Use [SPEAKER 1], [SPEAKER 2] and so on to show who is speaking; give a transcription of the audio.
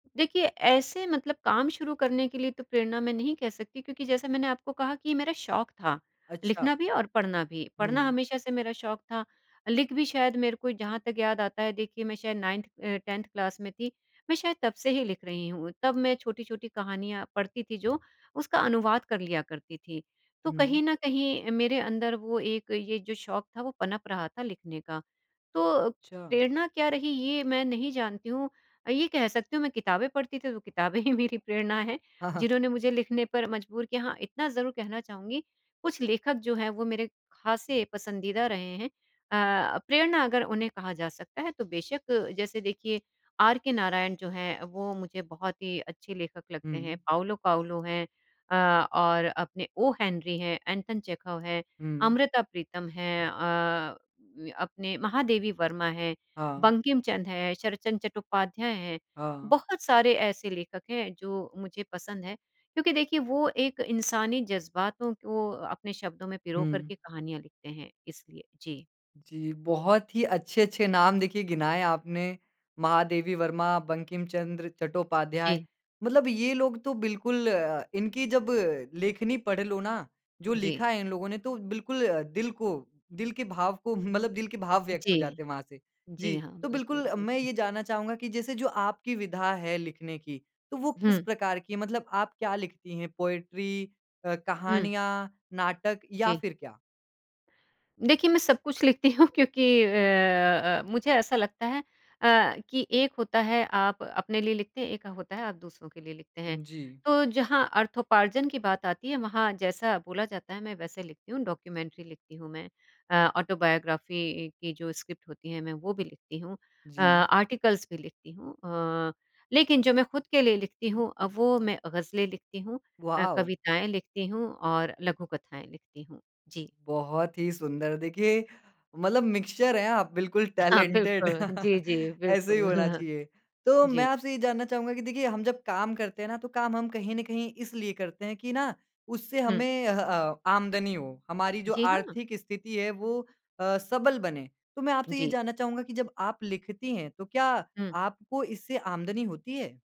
[SPEAKER 1] देखिए, ऐसे मतलब काम शुरू करने के लिए तो प्रेरणा मैं नहीं कह सकती क्योंकि जैसा मैंने आपको कहा कि ये मेरा शौक था,
[SPEAKER 2] अच्छा।
[SPEAKER 1] लिखना भी और पढ़ना भी। पढ़ना
[SPEAKER 2] हुँ।
[SPEAKER 1] हमेशा से मेरा शौक था, लिख भी शायद मेरे को जहाँ तक याद आता है, देखिए, मैं शायद नाइन्थ अ, 10th क्लास में थी, मैं शायद तब से ही लिख रही हूँ। तब मैं छोटी-छोटी कहानियाँ पढ़ती थी जो उसका अनुवाद कर लिया करती थी, तो
[SPEAKER 2] हुँ।
[SPEAKER 1] कहीं न कहीं मेरे अंदर वो एक ये जो शौक था वो पनप रहा था लिखने का। तो,
[SPEAKER 2] अच्छा।
[SPEAKER 1] प्रेरणा क्या रही ये मैं नहीं जानती हूँ अ, ये कह सकती हूँ मैं किताबें पढ़ती थी, तो किताबें ही मेरी प्रेरणा हैं,
[SPEAKER 2] हाँ, हाँ।
[SPEAKER 1] जिन्होंने मुझे लिखने पर मजबूर किया हाँ, इतना ज़रूर कहना चाहूँगी। कुछ लेखक जो हैं वो मेरे खासे पसंदीदा रहे हैं अ, प्रेरणा अगर उन्हें कहा जा सकता है, तो बेशक जैसे देखिए, आर के नारायण जो हैं, वो मुझे बहुत ही अच्छे लेखक लगते हैं,
[SPEAKER 2] हुँ।
[SPEAKER 1] पाउलो पाउलो हैं अ, और अपने ओ हेनरी हैं, एंटोन चेखव है,
[SPEAKER 2] हुँ।
[SPEAKER 1] अमृता प्रीतम हैं। अ, व अपने महादेवी वर्मा है,
[SPEAKER 2] हाँ।
[SPEAKER 1] बंकिमचन्द्र हैं, शरदचन्द्र चट्टोपाध्याय हैं,
[SPEAKER 2] हाँ।
[SPEAKER 1] बहुत सारे ऐसे लेखक हैं जो मुझे पसंद हैं, क्योंकि देखिए वो एक इंसानी जज़्बातों को अपने शब्दों में पिरो
[SPEAKER 2] हुँ।
[SPEAKER 1] करके कहानियाँ लिखते हैं, इसलिए। जी।
[SPEAKER 2] जी, बहुत ही अच्छे-अच्छे नाम देखिए गिनाए आपने, महादेवी वर्मा, बंकिमचन्द्र चट्टोपाध्याय
[SPEAKER 1] जी।
[SPEAKER 2] मतलब ये लोग तो बिल्कुल अ, इनकी जब लेखनी पढ़ लो ना, जो
[SPEAKER 1] जी।
[SPEAKER 2] लिखा है इन लोगों ने तो बिल्कुल दिल को, दिल के भाव को मतलब दिल के भाव व्यक्त हो जाते
[SPEAKER 1] जी,
[SPEAKER 2] हैं वहाँ से।
[SPEAKER 1] जी
[SPEAKER 2] जी,
[SPEAKER 1] हाँ,
[SPEAKER 2] तो
[SPEAKER 1] बिल्कुल,
[SPEAKER 2] बिल्कुल मैं
[SPEAKER 1] बिल्कुल।
[SPEAKER 2] ये जानना चाहूँगा कि जैसे जो आपकी विधा है लिखने की, तो वो किस
[SPEAKER 1] हुँ।
[SPEAKER 2] प्रकार की है? मतलब आप क्या लिखती है पोएट्री अ,
[SPEAKER 1] हुँ।
[SPEAKER 2] कहानियाँ, नाटक या
[SPEAKER 1] जी।
[SPEAKER 2] फिर क्या?
[SPEAKER 1] देखिए, मैं सब कुछ लिखती हूँ, क्योंकि अ अ अ, मुझे ऐसा लगता है अ, कि एक होता है आप अपने लिए लिखते हैं, एक होता है आप दूसरों के लिए लिखते हैं।
[SPEAKER 2] जी।
[SPEAKER 1] तो जहाँ अर्थोपार्जन की बात आती है, वहाँ जैसा बोला जाता है, मैं वैसे लिखती हूँ, डॉक्यूमेंट्री लिखती हूँ मैं। अ, ऑटोबायोग्राफ़ी की जो स्क्रिप्ट होती है, मैं वो भी लिखती हूँ अ,
[SPEAKER 2] जी।
[SPEAKER 1] आर्टिकल्स भी लिखती हूँ। अ, लेकिन जो मैं खुद के लिए लिखती हूँ अ, वो मैं गज़लें लिखती हूँ अ,
[SPEAKER 2] वॉव!
[SPEAKER 1] कविताएँ लिखती हूँ और लघुकथाएँ लिखती हूँ। जी।
[SPEAKER 2] बहुत ही सुंदर, देखिए, मतलब मिक्सचर हैं आप बिल्कुल
[SPEAKER 1] हाँ,
[SPEAKER 2] टैलेंटेड,
[SPEAKER 1] बिल्कुल, जी, जी,
[SPEAKER 2] ऐसे ही
[SPEAKER 1] बिल्कुल।
[SPEAKER 2] होना चाहिए। तो मैं
[SPEAKER 1] जी।
[SPEAKER 2] आपसे ये जानना चाहूँगा कि देखिए हम जब काम करते हैं ना, तो काम हम कहीं न कहीं इसलिए करते हैं कि ना, उससे
[SPEAKER 1] हुँ।
[SPEAKER 2] हमें अह अ, आमदनी हो, हमारी जो
[SPEAKER 1] जी हाँ।
[SPEAKER 2] आर्थिक स्थिति है, वो अ, सबल बने। तो मैं आपसे ये
[SPEAKER 1] जी।
[SPEAKER 2] जानना चाहूँगा कि जब आप लिखती हैं, तो क्या
[SPEAKER 1] हुँ।
[SPEAKER 2] आपको इससे आमदनी होती है?